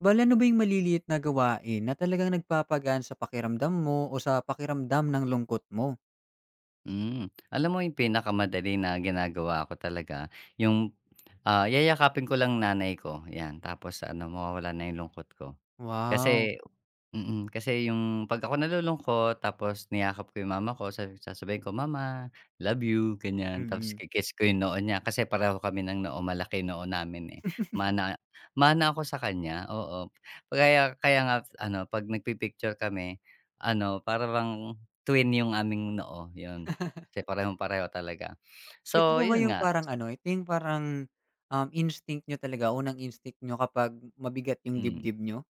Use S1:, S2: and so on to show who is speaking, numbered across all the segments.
S1: Bale, ano ba 'yung maliliit na gawain na talagang nagpapagaan sa pakiramdam mo o sa pakiramdam ng lungkot mo?
S2: Hmm, alam mo 'yung pinakamadali na ginagawa ko talaga 'yung, ah, yayakapin ko lang nanay ko, 'yan. Tapos ano, mawawalan na 'yung lungkot ko.
S1: Wow.
S2: Kasi mm, kasi 'yung 'pag ako nalulungkot tapos niyakap ko 'yung mama ko, sa sasabihin ko, "Mama, love you." Ganiyan, tapos
S1: Mm.
S2: ki kiss ko 'yung noo niya, kasi pareho kami ng noo, malaki noo namin, eh, mana mana ako sa kaniya, oo. Kaya kaya nga ano, 'pag nagpi-picture kami, ano, para bang twin 'yung aming noo, 'yun. Kasi parehong-pareho talaga.
S1: Ito
S2: So,
S1: po ba
S2: 'yun
S1: 'yung
S2: nga.
S1: parang ano, ito 'yung parang, um, instinct niyo talaga, unang instinct niyo kapag mabigat 'yung
S2: Mm.
S1: dibdib niyo?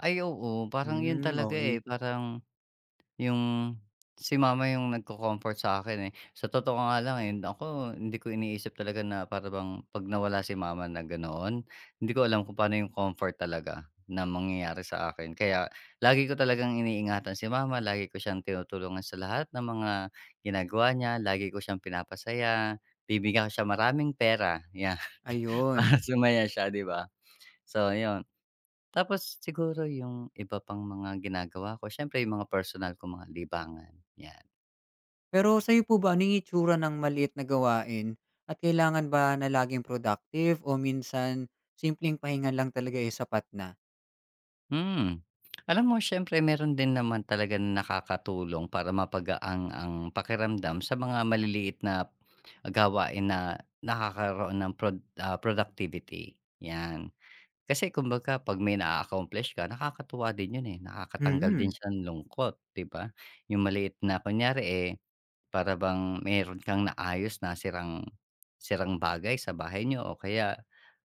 S2: Ay oo, parang 'yun
S1: Hmm,
S2: talaga,
S1: okey.
S2: eh. Parang, 'yung si mama 'yung nagko-comfort sa akin, eh. Sa totoo nga lang, eh, naku hindi ko iniisip talaga na para bang 'pag nawala si mama na ganoon, hindi ko alam kung paano 'yung comfort talaga na mangyayari sa akin. Kaya lagi ko talagang iniingatan si mama, lagi ko siyang tinutulungan sa lahat ng mga ginagawa niya, lagi ko siyang pinapasaya, bibigyan ko siya maraming pera, 'yan
S1: Ayun.
S2: para sumaya siya, 'di ba? So, ayun. Tapos siguro 'yung iba pang mga ginagawa ko, siyempre 'yung mga personal kong mga libangan, 'yan.
S1: Pero sa'yo po ba, ano yung itsura ng maliit na gawain? At kailangan ba na laging productive o minsan simpleng pahinga lang talaga, eh, sapat na.
S2: Hmm, alam mo siyempre meron din naman talaga na nakakatulong para mapagaan ang ang pakiramdam sa mga maliliit na p ah, gawain na nakakaroon ng prod ah, productivity, yan. Kasi kumbaga 'pag may naa-accomplish ka nakakatuwa din 'yon, eh. Nakakatanggal din
S1: Mm.
S2: siyan lungkot, 'di ba? 'Yong maliit na kunyari, eh, para bang mayroon kang naayos na sirang sirang bagay sa bahay niyo o kaya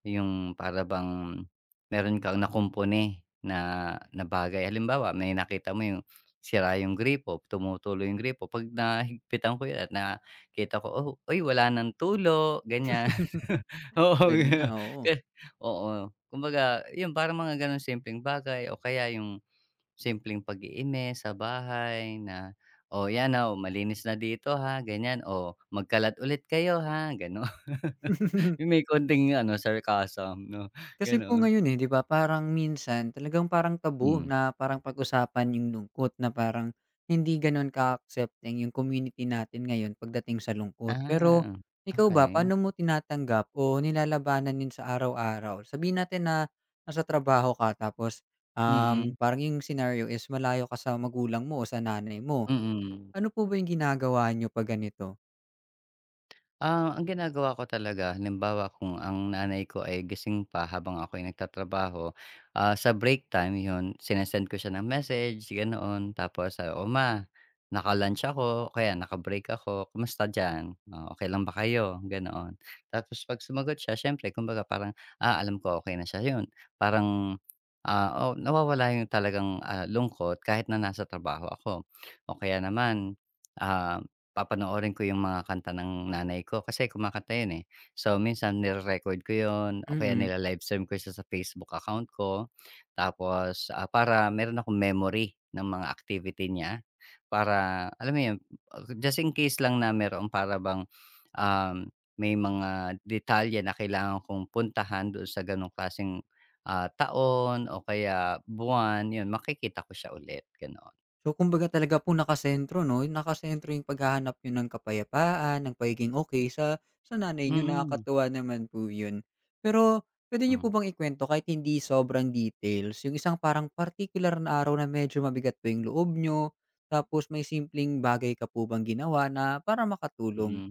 S2: yung para bang meron kang nakumpuni na na bagay. Halimbawa, may nakita mo yung sira yung gripo, tumutulo yung gripo, 'pag nahigpitan ko yan nakita ko, "Oh, uy wala ng tulo," ganyan. Oo,
S1: pwede na,
S2: yo
S1: oo.
S2: k oo. Kumbaga, yun parang mga ganong simpleng bagay o kaya yung simpleng paglilinis sa bahay na, "Oh, yan, aw, malinis na dito ha, ganyan, oh, magkalat ulit kayo, ha," gano'n, 'yong may konting ano, sarcasm, 'no,
S1: Kasi po
S2: gano'n.
S1: ngayon, eh, 'di ba, parang minsan talagang parang taboo
S2: Hmm.
S1: na parang pag-usapan yung lungkot na parang, hindi ganun ka-accepting yung community natin ngayon pagdating sa lungkot. Pero,
S2: Ah,
S1: ikaw ba,
S2: okey.
S1: paano mo tinatanggap o nilalabanan yun sa araw-araw? Sabihin natin na, nasa trabaho ka tapos, um,
S2: Mm.
S1: parang yung scenario is malayo ka sa magulang mo o sa nanay mo.
S2: Mm.
S1: Ano po ba yung ginagawa niyo 'pag ganito?
S2: Ah, ang ginagawa ko talaga, halimbawa kung ang nanay ko ay gising pa habang ako'y nagtatrabaho. Ah, sa break time 'yon, sine-send ko siya ng message, ganoon. Tapos, ah, "O, Ma, naka lunch ako, o kaya nakabreak ako, kamusta diyan, oh? Okey lang ba kayo?" Ganoon. Tapos 'pag sumagot siya, siyempre, kumbaga, parang, ah, alam ko okey na siya 'yon, parang, ah, oh, nawawala yung talagang, ah, lungkot kahit na nasa trabaho ako. O, kaya naman, ah, papanoorin ko yung mga kanta ng nanay ko, kasi kumakanta yun, eh. So, minsan nire-record ko yun o kaya
S1: Mm.
S2: nila-live-stream ko siya sa Facebook account ko. Tapos, ah, para meron akong memory ng mga activity niya para alam mo 'yun, just in case lang na meroong para bang, um, may mga detalye na kailangan kong puntahan don sa ganoong klaseng, ah, taon o kaya buwan, 'yun, makikita ko siya ulit, ganon.
S1: So, kumbaga, talaga po nakasentro 'no, nakasentro yung paghahanap niyo ng kapayapaan, ng pagiging okey sa sa nanay niyo.
S2: Mm.
S1: Nakakatuwa naman po ’yon. Pero puwede niyo
S2: Hmm.
S1: po bang ikuwento kahit hindi sobrang details yung isang parang partikular na araw na medyo mabigat po yung loob niyo, tapos may simpleng bagay ka po bang ginawa na para makatulong?
S2: Mm.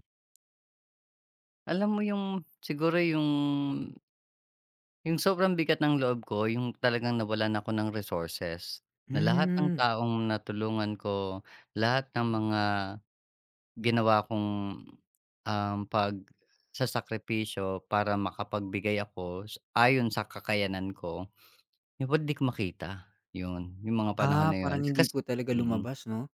S2: Alam mo yung, siguro yung yung sobrang bigat ng loob ko, yung talagang nawalan ako ng resources na lahat ng
S1: Hmm.
S2: taong natulungan ko, lahat ng mga ginawa kong, um, pagsasakripisyo para makapagbigay ako s ayon sa kakayanan ko. Di pod di ko makita, 'yun, 'yung mga panahon
S1: Ah,
S2: na 'yun,
S1: parang hindi
S2: kasi
S1: po talaga
S2: mm.
S1: lumabas 'no?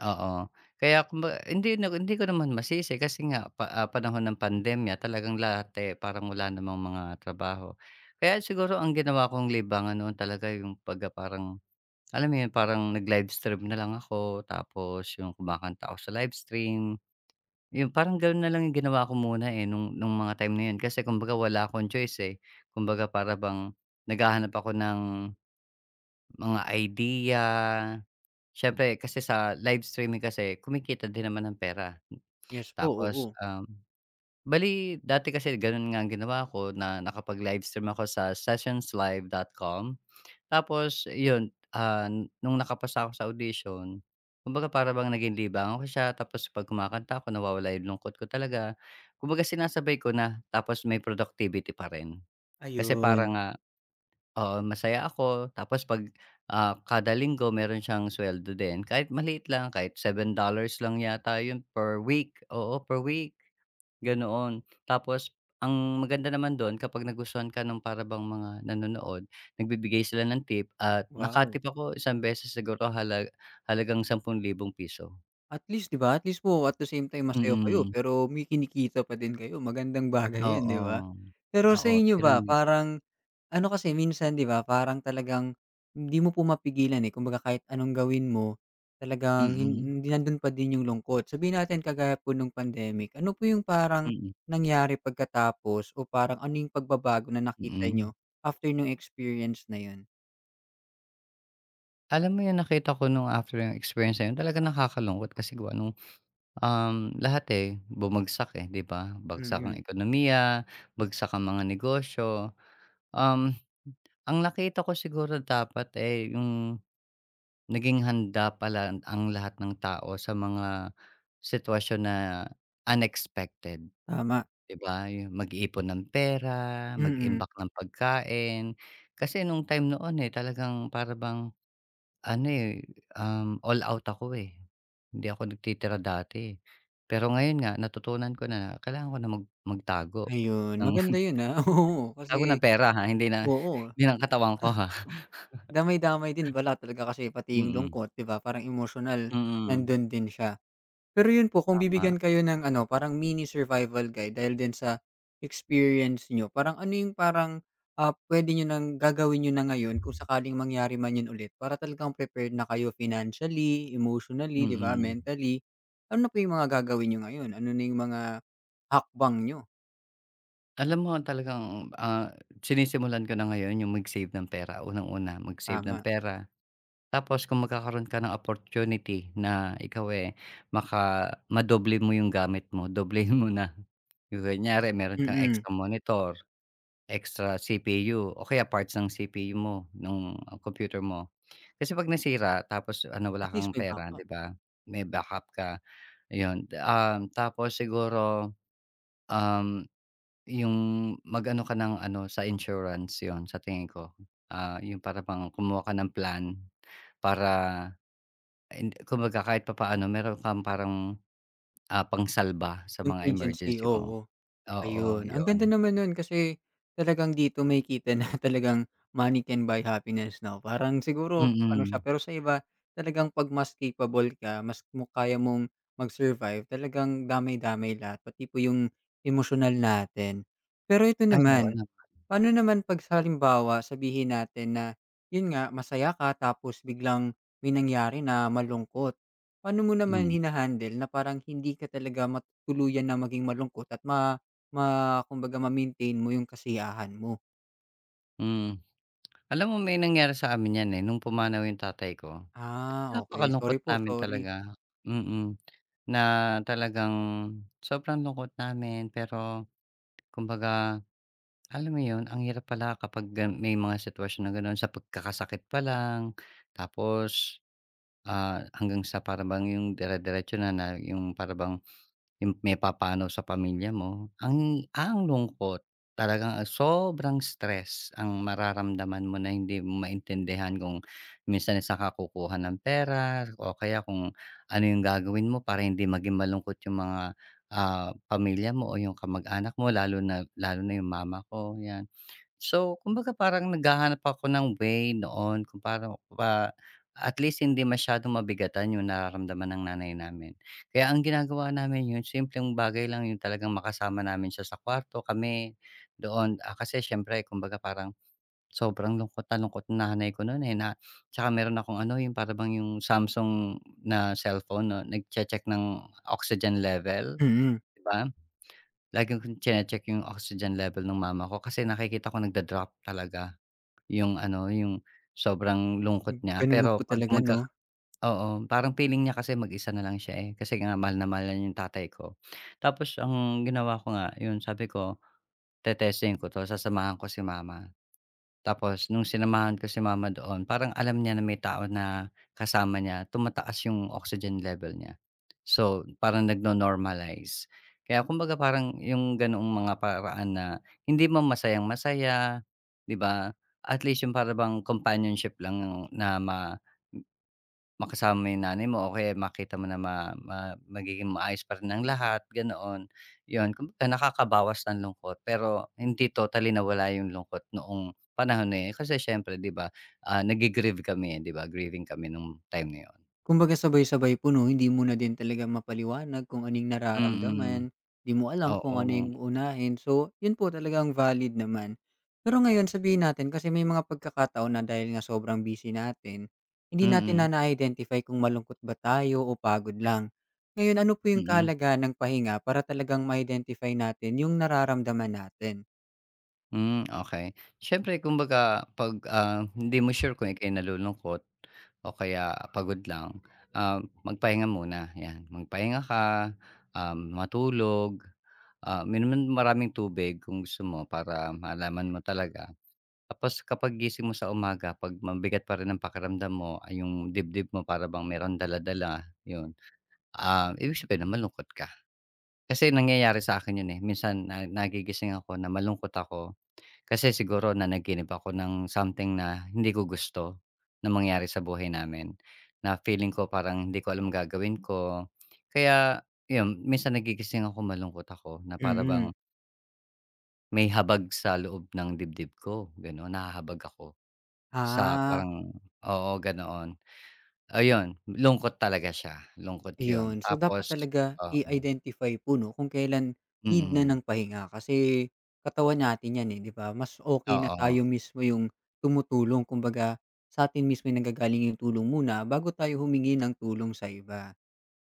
S2: Oo, kaya kumba hindi na, hindi ko naman masisi kasi nga pa ah, panahon ng pandemya, talagang lahat, eh, parang wala namang mga trabaho. Kaya siguro ang ginawa kong libangan noon talaga yung pagka parang alam mo 'yun, parang nag-live stream na lang ako, tapos yung kumakanta ako sa live stream. 'Yung parang gano'n na lang ginawa ko muna, eh, nung nung mga time na 'yon kasi kumbaga, wala akong choice, eh. Kumbaga, para bang naghahanap ako ng mga idea. Siyempre, kasi sa live streaming kasi kumikita din naman ng pera.
S1: Yes po,
S2: Tapos,
S1: oo.
S2: um, bale dati kasi ganun nga ang ginawa ko na nakapag-live stream ako sa Sessionslive.com. Tapos, ’yun, ah, nung nakapasa ako sa audition, kumbaga, para bang naging libangan ko siya, tapos pag kumakanta ako, nawawala ’yung lungkot ko talaga. Kumbaga, sinasabay ko na, tapos may productivity pa rin. Kasi
S1: Ayun.
S2: parang nga oo, masaya ako tapos 'pag, ah, kada linggo meron siyang sweldo din kahit maliit lang kahit $7 lang yata 'yun per week, oo, per week, ganoon. Tapos, ang maganda naman do'n, kapag nagustuhan ka ng para bang mga nanonood, nagbibigay sila ng tip at
S1: Wow.
S2: naka-tip ako isang beses siguro halag halagang ₱10,000.
S1: At least 'di ba, at least po at the same time masaya kayo,
S2: Mm.
S1: pero may kinikita pa din kayo, magandang bagay 'yan 'di ba?
S2: Oo,
S1: Pero sa
S2: oo
S1: inyo
S2: gano'n
S1: ba,
S2: nga.
S1: parang ano, kasi minsan 'di ba parang talagang hindi mo po mapigilan, eh, kumbaga kahit anong gawin mo talagang
S2: Mm.
S1: hin hin nando'n pa din 'yung lungkot, sabihin natin kagaya po no'ng pandemic, ano po 'yung paran
S2: Mm.
S1: nangyari pagkatapos o parang ano 'yung pagbabago na nakita
S2: Mm.
S1: niyo after no'ng experience na 'yun?
S2: Alam mo 'yun, nakita ko no'ng after ng experience na 'yun talagang nakakalungkot kasi gawa no'ng, um, lahat, eh, bumagsak, eh, 'di ba? Bagsak ang
S1: Mm.
S2: ekonomiya, bagsak ang mga negosyo, um, m ang nakita ko siguro dapat, eh, 'yung naging handa pala ang lahat ng tao sa mga sitwasyon na unexpected.
S1: Tama.
S2: Di ba, 'yung mag-iipon ng pera,
S1: Mm.
S2: mag-imbak ng pagkain, kasi no'ng time noon, eh, talagang para bang ano, eh, um, all out ako, eh, hindi ako nagtitira dati, eh. Pero ngayon nga, natutunan ko na kailangan ko na mag magtago
S1: Ayun,
S2: ng
S1: maganda 'yun, ah, oo,
S2: tago ng
S1: kasi
S2: pera, ha, hindi na
S1: oo.
S2: hindi ng katawan ko, ha.
S1: Damay-damay din pala talaga kasi pati 'yung
S2: Mm.
S1: lungkot, 'di ba, parang emosyonal
S2: Mm.
S1: nando'n din siya. Pero 'yun po, kung
S2: Tama.
S1: bibigyan kayo ng ano parang mini survival guide dahil din sa experience niyo, parang ano 'yung parang, ah, puwede niyo ng gagawin niyo na ngayon kung sakaling mangyari man 'yun ulit para talagang prepared na kayo financially, emotionally, 'di ba,
S2: Mm.
S1: mentally. Ano na po 'yung mga gagawin niyo ngayon? Ano na 'yung mga hakbang niyo?
S2: Alam mo, talagang, ah, sinisimulan ko na ngayon 'yung mag-save ng pera, unang-una, mag-save ng
S1: Tama.
S2: pera. Tapos kung magkakaroon ka ng opportunity na ikaw, eh, maka madoble mo 'yung gamit mo, doblehin mo na. 'Yung kunyari meron kang
S1: Mm.
S2: extra monitor, extra CPU o kaya parts ng CPU mo nung computer mo. Kasi 'pag nasira, tapos ano
S1: At
S2: wala
S1: least
S2: kang
S1: may
S2: pera,
S1: backup.
S2: 'di ba, may backup ka, ayun. Um, tapos siguro, um, 'yung mag-ano ka ng ano, sa insurance, 'yun, sa tingin ko, ah,' yung para bang kumuha ka ng plan para and, kumbaga kahit papaano meron kang parang, ah, pangsalba sa mga
S1: Contingency,
S2: emergency mo.
S1: oo.
S2: Oo,
S1: Ayun, ang ganda
S2: 'yun.
S1: naman no'n kasi talagang dito makikita na talagang money can buy happiness 'no. Parang siguro ano siya
S2: Mm.
S1: pero sa iba talagang 'pag mas capable ka, mas muk kaya mong mag-survive, talagang damay-damay lahat pati po 'yung emosyonal natin. Pero ito
S2: Ay, oo
S1: naman,
S2: naman.
S1: paano naman 'pag sa halimbawa sabihin natin na 'yun nga, masaya ka, tapos biglang may nangyari na malungkot. Paano mo naman
S2: Hmm.
S1: hina-handle na parang hindi ka talaga mat tuluyan na maging malungkot at ma ma kumbaga, ma-maintain mo 'yung kasiyahan mo?
S2: Hmm. Alam mo, may nangyari sa amin yan, eh, nung pumanaw yung tatay ko.
S1: Ah, okey. Sorry
S2: Napakalungkot
S1: po,
S2: namin
S1: sorry.
S2: talaga, mm. Na talagang sobrang lungkot namin. Pero kumabaga, alam mo yon, ang hirap pala kapag gan may mga situwasyon na gano'n, sa pagkakasakit pa lang. Tapos, ah, hanggang sa para bang yung dirediretso na na yung para bang, yung may papanaw sa pamilya mo, ang ang lungkot! Parang ang sobrang stress ang mararamdaman mo na hindi mo maintindihan. Kung minsan sa'n ka kukuha ng pera. O kaya kung ano yung gagawin mo para hindi maging malungkot yung mga, ah, pamilya mo o yung kamag-anak mo, lalo na, lalo na yung ma ma ko, 'yan. So, kumbaga, parang naghahanap ako ng way noon kung pano, ah, at least hindi masyadong mabigatan yung nararamdaman ng nanay namin. Kaya ang ginagawa namin, yung simpleng bagay lang, yung talagang makasama namin siya sa kuwarto. Kami, doon ah, kasi siyempre kumbaga parang sobrang lungkot na lungkot nanay ko no'n, eh, na 'tsaka meron akong ano, yung para bang yung Samsung na cellphone 'no, nagche-check ng oxygen level,
S1: Mm.
S2: 'di ba? Laging kong tsine-check yung oxygen level ng mama ko. Kasi nakikita ko nagda-drop talaga, yung ano, yung sobrang lungkot
S1: Hmm,
S2: niya.
S1: gano'n na
S2: Pero,
S1: po
S2: 'pag
S1: talaga,
S2: magkaka
S1: 'no?
S2: oo, parang feeling niya kasi mag-isa na lang siya, eh. Kasi nga mahal na mahal niya yung tatay ko. Tapos, ang ginawa ko nga, yun sabi ko, "Te-testingin ko 'to. Sasamahan ko si mama." Tapos nung sinamahan ko si mama doon, parang alam niya na may tao na kasama niya, tumataas yung oxygen level niya. So, parang nagno-normalize. Kaya, kumbaga parang yung gano'ng mga paraan na hindi man masayang-masaya, 'di ba, at least yung para bang companionship lang na ma makasama yung nanay mo. O kaya makita mo na ma ma magiging maayos pa rin ang lahat, ganoon. Yon, kumbaga nakakabawas ng lungkot, pero hindi totally nawala yung lungkot noong panahon na yun eh, kasi siyempre 'di ba, ah, naggi-grieve kami, eh, 'di ba? Grieving kami nung time na 'yon.
S1: Kumbaga sabay-sabay po, 'no? Hindi mo na din talaga ma'paliwanag kung ano yung
S2: Mm.
S1: nararamdaman. Di mo alam kung ano
S2: Oo.
S1: yung uunahin. So, yon po talagang valid naman. Pero ngayon sabihin natin, kasi may mga pagkakataon na dahil nga sobrang busy natin, hindi natin
S2: Mm.
S1: na na-identify kung malungkot ba tayo o pagod lang. Ngayon, ano po yung
S2: Mm.
S1: kahalagahan ng pahinga para talagang ma-identify natin yung nararamdaman natin?
S2: Hmm, okey. Siyempre kumbaga 'pag, ah, hindi mo sure kung ika'y nalulungkot o kaya pagod lang, ah, magpahinga muna, yan. Magpahinga ka, um, matulog, ah uminom ng maraming tubig kung gusto mo para malaman mo talaga. Tapos kapag gising mo sa umaga, 'pag mabigat pa rin ang pakiramdam mo, ah, yung dibdib mo para bang meron dala-dala, yun. Um, ibig sabihin no'n malungkot ka. Kasi nangyayari sa akin yun, eh. Minsan na nagigising ako na malungkot ako kasi siguro nanaginip ako ng something na hindi ko gusto na mangyari sa buhay namin, na feeling ko, parang hindi ko alam gagawin ko. Kaya yun, minsan nagigising ako, malungkot ako na para bang
S1: Mm.
S2: may habag sa loob ng dibdib ko, ganun. Nahahabag ako, sa
S1: Ah.
S2: parang oo, ganoon. Ayon, lungkot talaga siya, lungkot 'yon.
S1: Ayun, so, dapat
S2: Tapos
S1: talaga
S2: oh hmm.
S1: i-identify po, 'no, kung kailan need na
S2: Mm.
S1: ng pahinga kasi katawan natin yan, eh, 'di ba? Mas okey na tayo
S2: Oo.
S1: mismo yung tumutulong kumbaga sa atin mismo yung nangagaling yung tulong muna bago tayo humingi ng tulong sa iba.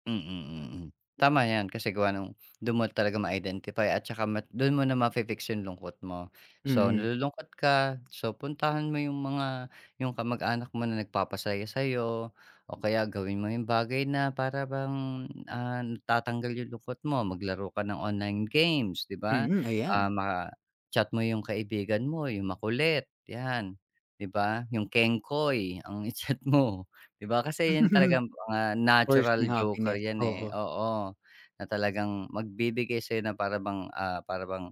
S2: Mm, mm. Tama yan. Kasi gawa nung do'n mo talagang ma-identify. At 'tsaka do'n mo na ma-fix yung lungkot mo. So,
S1: Mm.
S2: nalulungkot ka. So, puntahan mo yung mga yung kamag-anak mo na nagpapasaya sa'yo. O kaya gawin mo yung bagay na para bang, ah, natatanggal yung lungkot mo. Maglaro ka ng online games, 'di ba?
S1: Mm,
S2: Ah,
S1: ayan.
S2: ma ah, chat mo yung kaibigan mo, yung makulit, 'yan, 'di ba? Yung kengkoy ang i-chat mo, di ba? Kasi, yun talaga'ng mga
S1: Person
S2: natural joker
S1: happiness,
S2: yan, eh,
S1: oo.
S2: oo. Na talagang magbibigay sa'yo na para bang, ah, para bang,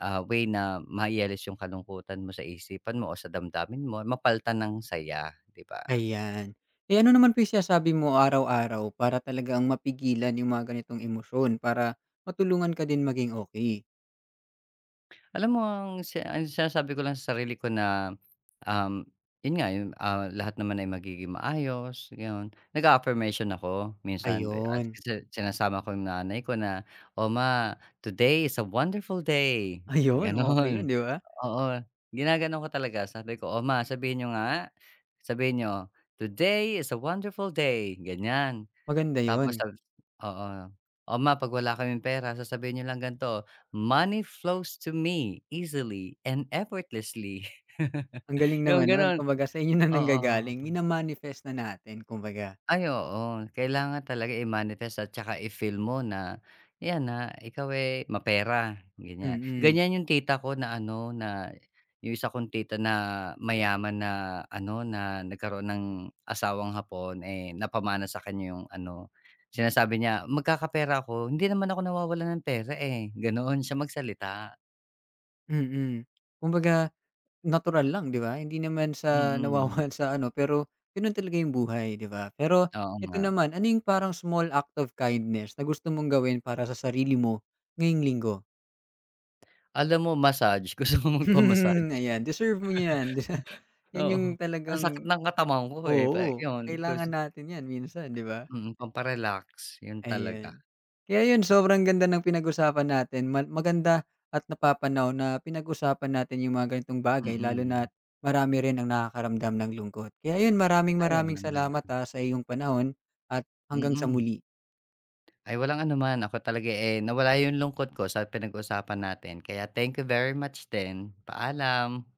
S2: ah, way na mai-alis yung kalungkutan mo sa isipan mo o sa damdamin mo. Mapalitan ng saya, 'di ba?
S1: Ayan. Ay, ano naman po yung sinasabi mo araw-araw, para talagang mapigilan yung mga ganitong emosyon, para matulungan ka din maging okey?
S2: Alam mo ang si ang sinasabi ko lang sa sarili ko na, um, yun nga yun, ah, "Lahat naman ay magiging maayos." Yon, nag-a-affirmation ako. Minsan, b ah,
S1: Ayun.
S2: kasi sinasama ko yung nanay ko na, "O ma, today is a wonderful day!"
S1: Ayun, okey yun,
S2: Gano'n.
S1: 'di ba?
S2: Oo, ginaganon ko talaga. Sabi ko, "O, ma sabihin niyo nga, sabihin niyo, "Today is a wonderful day!"" Ganyan.
S1: Maganda
S2: Tapos
S1: yun.
S2: sa, oo, "O, ma 'pag wala kaming pera, sasabihin n'yo lang gan'to, "Money flows to me easily and effortlessly!""
S1: Ang galing
S2: Yung
S1: naman no'n.
S2: gano'n,
S1: Kumbaga, sa inyo na
S2: oo.
S1: nanggagaling, mina-manifest na natin, kumbaga.
S2: Ay, oo kailangan talaga i-manifest. At 'tsaka, i-feel mo na yan na ikaw, eh, ay mapera
S1: Mm.
S2: ganiyang-ganiyan yung tita ko na ano na yung isa kong tita na mayaman, na ano na nagkaroon ng asawang hapon, eh, napamana sa kaniya yung ano, sinasabi niya, "Magkakapera ako. Hindi naman ako nawawalan ng pera, eh." Gano'n siya magsalita.
S1: Mm. Kumbaga, natural lang 'di ba? Hindi naman sa
S2: Mm.
S1: nawawalan sa ano pero ganun talaga yung buhay 'di ba? Pero
S2: Oo
S1: ito
S2: nga.
S1: naman, ano yung parang small act of kindness na gusto mong gawin para sa sarili mo ngayong Linggo?
S2: Alam mo, massage. Gusto kong magpa-massage?
S1: Ayan, deserve mo 'yan. Yan yong
S2: Oo. Ang sakit
S1: talagang
S2: ng katawan ko, eh, pe
S1: oo,
S2: yun
S1: kailangan
S2: kasi,
S1: natin 'yan minsan, 'di ba?
S2: mm, pampa-relax. Yun talaga.
S1: Ayan. Kaya yon sobrang ganda ng pinag-usapan natin. Ma maganda at napapanahon na pinag-usapan natin yung mga ganitong bagay. Lalo
S2: Mm.
S1: na't marami rin ang nakakaramdam ng lungkot. Kaya ayon, maraming
S2: Ay, oo
S1: maraming
S2: naman.
S1: salamat, ah, sa iyong panahon, at hanggang sa
S2: Mm.
S1: muli.
S2: Ay, walang anuman ako talaga, eh nawala yung lungkot ko sa pinag-usapan natin. Kaya, thank you very much din. Paalam.